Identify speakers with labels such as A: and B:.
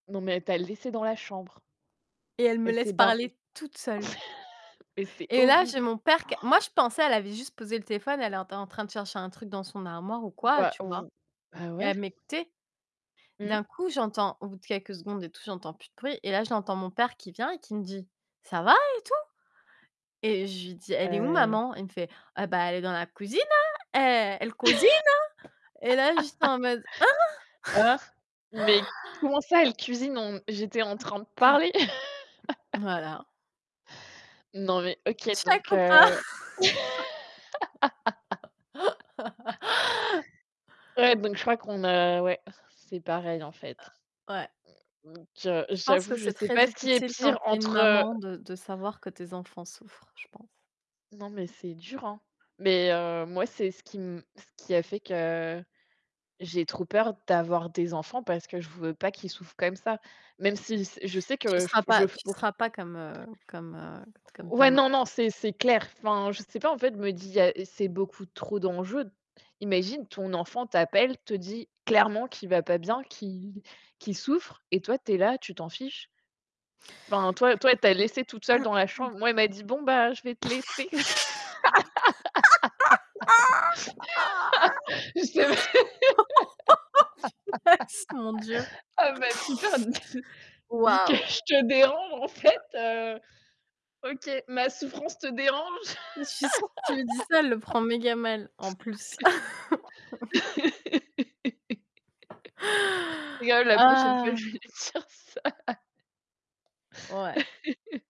A: Non, mais elle t'a laissé dans la chambre?
B: Et elle me
A: Elle
B: laisse
A: s'est barrée.
B: parler toute seule.
A: Et c'est
B: Et là j'ai
A: horrible!
B: mon père q moi je pensais elle avait juste posé le téléphone, elle était en train de chercher un truc dans son armoire ou quoi,
A: Bah,
B: tu vois?
A: v bah,
B: Et
A: ouais.
B: elle m'écoutait.
A: Mmh.
B: D'un coup j'entends au bout de quelques secondes et tout j'entends plus de bruit et là j'entends mon père qui vient et qui me dit: «Ca va et tout?» et je lui dis: «Elle est où
A: Heu
B: maman?» Il me fait: «Eh bah, elle est dans la cuisine, hein, eh, elle cuisine, hein». Et là je suis en mode: «Hein?»
A: Ah mais comment ça elle cuisine? On j'étais en train de parler.
B: Voilà.
A: Non, mais OK,
B: Tchèque
A: donc
B: ou
A: heu.
B: pas.
A: Ouais donc, je crois qu'on a ouais, c'est pareil en fait.
B: Ouais.
A: Donc, heu,
B: Je pense
A: j'avoue,
B: que
A: je
B: c'est
A: sais
B: très
A: pas ce qui est
B: difficile quand
A: pire
B: tu es une
A: entre, heu
B: maman de de savoir que tes enfants souffrent, je pense.
A: Non, mais c'est dur, hein. Mais heu, moi, c'est ce qui m ce qui a fait que j'ai trop peur d'avoir des enfants, parce que je veux pas qu'ils souffrent comme ça. Même si c je sais
B: Tu
A: que je
B: seras
A: f
B: pas
A: je f
B: tu
A: ouais.
B: seras pas comme, heu, comme, heu, comme ta
A: Ouais, non
B: maman.
A: non, c'est c'est clair. Enfin, je sais pas, en fait, je me dis, il y a c'est beaucoup trop d'enjeux. Imagine, ton enfant t'appelle, te dit clairement qu'il va pas bien, qu'il qu'il souffre et toi, tu es là, tu t'en fiches. Enfin, toi toi, elle t'a laissée toute seule dans la chambre. Moi, elle m'a dit: «Bon, bah, je vais te laisser». C'est
B: Mon Dieu.
A: Oh bah, super, dis dis que
B: Waouh!
A: je te dérange en fait, heu, OK, ma souffrance te dérange?
B: Heu, je suis sûre que tu lui dis ça, elle le prend méga mal en plus.
A: Je rigole, la prochaine fois je vais lui
B: Ah!
A: dire ça.
B: Ouais.